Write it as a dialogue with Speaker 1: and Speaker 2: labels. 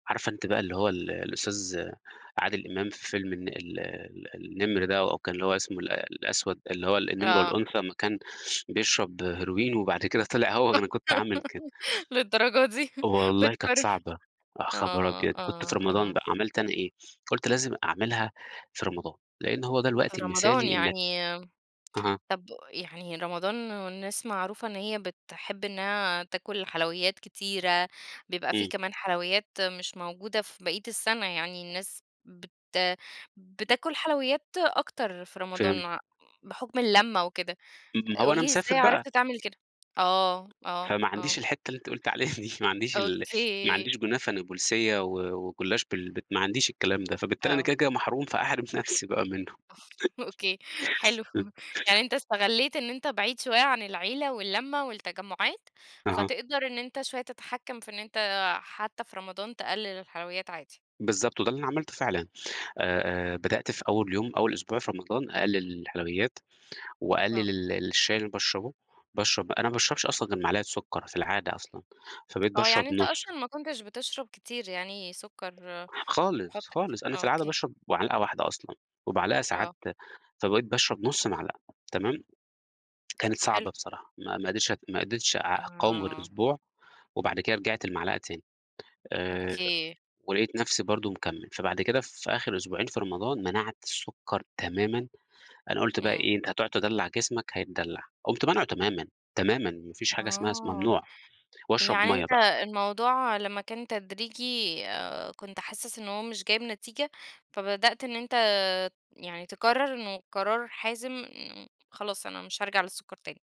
Speaker 1: عارفة أنتِ بقى اللي هو ال الأستاذ عادل إمام في فيلم الن ال النِّمر ده، أو كان هو اسمه الأ الأسود اللي هو النِّمر
Speaker 2: آه.
Speaker 1: والأنثى، لمّا كان بيشرب هيروين، وبعد كده طلع هو ده أنا كنت عامل كده،
Speaker 2: للدّرجة دي
Speaker 1: والله كانت
Speaker 2: بتكرر
Speaker 1: صعبة يا خبر
Speaker 2: آه،
Speaker 1: أبيض! كنت في
Speaker 2: آه،
Speaker 1: رمضان
Speaker 2: آه.
Speaker 1: بقي، عملت أنا إيه، قُلت لازم أعملها في رمضان، لإن هو ده
Speaker 2: في
Speaker 1: الوقت
Speaker 2: رمضان
Speaker 1: المِثالي إنّك
Speaker 2: يعني
Speaker 1: اها.
Speaker 2: طَب يعني رمضان والناس معروفة إن هي بتحب إنّها تاكُل حلويات كتيرة، بيبقى في
Speaker 1: إمم.
Speaker 2: كمان حلويات مش موجودة في بَقِيَّة السَّنَة، يعني الناس بت بتاكُل حلويات أكتر في رمضان،
Speaker 1: فهمتِك
Speaker 2: ع بحُكم اللمّة وكده،
Speaker 1: ما هو
Speaker 2: قُل
Speaker 1: أنا
Speaker 2: لي
Speaker 1: مسافر
Speaker 2: إزاي
Speaker 1: بقى.
Speaker 2: عرفت تعمل كده؟ آه، آه،
Speaker 1: فما عنديش
Speaker 2: آه.
Speaker 1: الحِتّة اللي أنتِ قُلتِ عليها دي، ما عنديش ال ما
Speaker 2: أوكي.
Speaker 1: عنديش كنافة نابُولسِيّة و وجلاش بال ب ما عنديش الكلام ده، فبالتالي أنا
Speaker 2: آه.
Speaker 1: كده، كده محروم، فأحرم نفسي بقى منه.
Speaker 2: أوكي حلو، يعني أنت اِستَغَلّيت إن أنت بعيد شوية عن العيلة واللّمّة والتّجمُّعات،
Speaker 1: أها.
Speaker 2: فتقدر إن أنت شوية تتحكّم في إن أنت حتى في رمضان تقلِّل الحلويات عادي.
Speaker 1: بالضبط وده اللي أنا عملته فعلًا، آآ آآ بدأت في أول يوم، أول أسبوع في رمضان أقلِّل الحلويات، وأقلِّل
Speaker 2: آه.
Speaker 1: ال الشاي اللي باشربه، باشرب أنا ما باشربش أصلًا غير معلقه سُكّر في العادة أصلًا، فبقيت
Speaker 2: آه،
Speaker 1: باشرب
Speaker 2: يعني أنت
Speaker 1: نُصّ.
Speaker 2: أصلًا ما كنتش بتشرب كتير يعني سُكّر، بتحُطّ
Speaker 1: خالص،
Speaker 2: كتير
Speaker 1: خالص أنا
Speaker 2: آه،
Speaker 1: في العادة
Speaker 2: أوكي.
Speaker 1: باشرب معلقة واحدة أصلًا، ومعلقة ساعات
Speaker 2: آه.
Speaker 1: فبقيت باشرب نُص معلقة تمام، كانت صعبة
Speaker 2: حلو.
Speaker 1: بصراحة، ما ما قدرتش ات ما قدرتش أ أقاوم غير
Speaker 2: آه.
Speaker 1: أسبوع، وبعد كده رجعت لمعلقة تاني، آآ
Speaker 2: أوكي.
Speaker 1: ولقيت نفسي برضُه مكمِّل، فبعد كده في آخر أسبوعين في رمضان، منعت السُّكّر تمامًا، أنا قُلت بقى
Speaker 2: إمم.
Speaker 1: إيه أنت هتقعد تِدَلَّع جسمك هيتدّلّع، قُمت مانعُه تمامًا، تمامًا ما فيش حاجة اسمها اسم
Speaker 2: آه،
Speaker 1: ممنوع وأشرب
Speaker 2: يعني
Speaker 1: مَيّة
Speaker 2: أنت
Speaker 1: بقى.
Speaker 2: الموضوع لمّا كان تدريجي آآ كنت حاسِس إن هو مش جايب نتيجة، فبدأت إن أنت يعني تقرّر إنه قرار حازم مم خلاص أنا مش هارجع للسُّكَّر تاني.